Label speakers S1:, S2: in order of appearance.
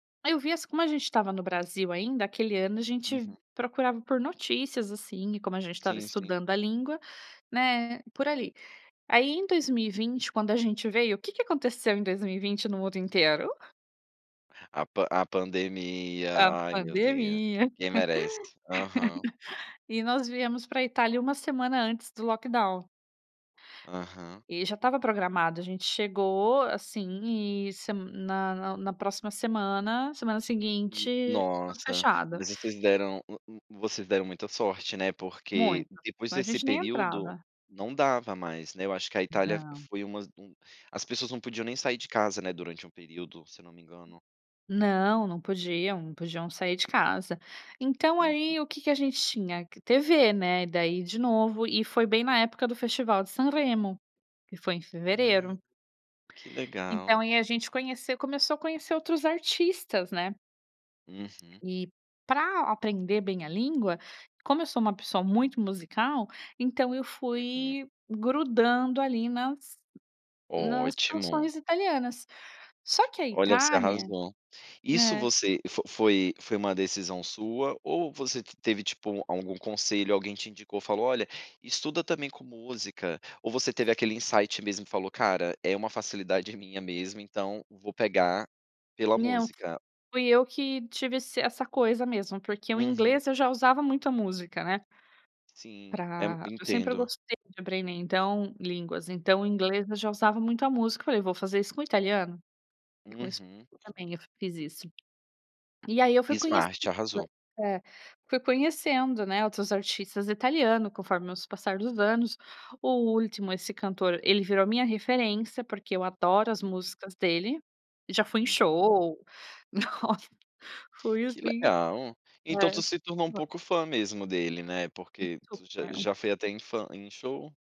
S1: Aí eu via assim como a gente estava no Brasil ainda, aquele ano a gente
S2: Uhum.
S1: procurava por notícias assim e como a gente estava
S2: Sim, sim.
S1: estudando a língua, né, por ali. Aí em 2020, quando a gente veio, o que que aconteceu em 2020 no mundo inteiro?
S2: A pan a pandemia,
S1: A
S2: ai meu Deus,
S1: pandemia.
S2: ninguém merece. Aham.
S1: E nós viemos para Itália uma semana antes do lockdown.
S2: Aham.
S1: E já estava programado, a gente chegou assim e se na na na próxima semana, semana
S2: Hum,
S1: seguinte, tudo
S2: nossa,
S1: fechado.
S2: mas vocês deram um um vocês deram muita sorte, né, porque
S1: Muito,
S2: depois
S1: então a
S2: desse
S1: gente nem
S2: período
S1: entrava.
S2: não dava mais, né. Eu acho que a Itália
S1: Não.
S2: foi umas as pessoas não podiam nem sair de casa, né, durante um período, se eu não me engano.
S1: Não, não podiam não podiam sair de casa. Então,
S2: Uhum.
S1: aí o que que a gente tinha? TV, né, e daí de novo, e foi bem na época do festival de Sanremo, que foi em
S2: Ah,
S1: fevereiro.
S2: que
S1: Então,
S2: legal.
S1: e aí a gente conheceu começou a conhecer outros artistas, né.
S2: Uhum.
S1: E para aprender bem a língua, como eu sou uma pessoa muito musical, então eu
S2: Uhum.
S1: fui grudando ali nas nas
S2: Ótimo.
S1: canções italianas, só que a
S2: Olha, você
S1: Itália
S2: arrasou. Isso
S1: É.
S2: você fo foi foi uma decisão sua, ou você teve tipo algum conselho, alguém te indicou e falou: "Olha, estuda também com música.". Ou você teve aquele insight mesmo e falou: "Cara, é uma facilidade minha mesmo, então vou pegar pela
S1: Não,
S2: música.".
S1: fui eu que tive essa essa coisa mesmo, porque o
S2: Uhum.
S1: inglês eu já usava muita música, né.
S2: Sim, é
S1: Para eu sempre
S2: entendo.
S1: gostei de aprender, então, línguas, então o inglês eu já usava muito a música. Eu falei: "Vou fazer isso com o italiano". E com isso
S2: Uhum.
S1: também, eu fiz isso. E aí eu fui conhecendo,
S2: Smart, arrasou.
S1: eh, fui conhecendo, né, outros artistas italianos, conforme o passar dos anos. O Ultimo, esse cantor, ele virou a minha referência, porque eu adoro as músicas dele, já fui em
S2: Uhum.
S1: show, nossa, foi
S2: Que
S1: assim,
S2: legal, então tu
S1: é.
S2: se tornou um
S1: [unintelligible]
S2: pouco fã mesmo dele, né, porque tu já
S1: Súper.
S2: já foi até em fã em show?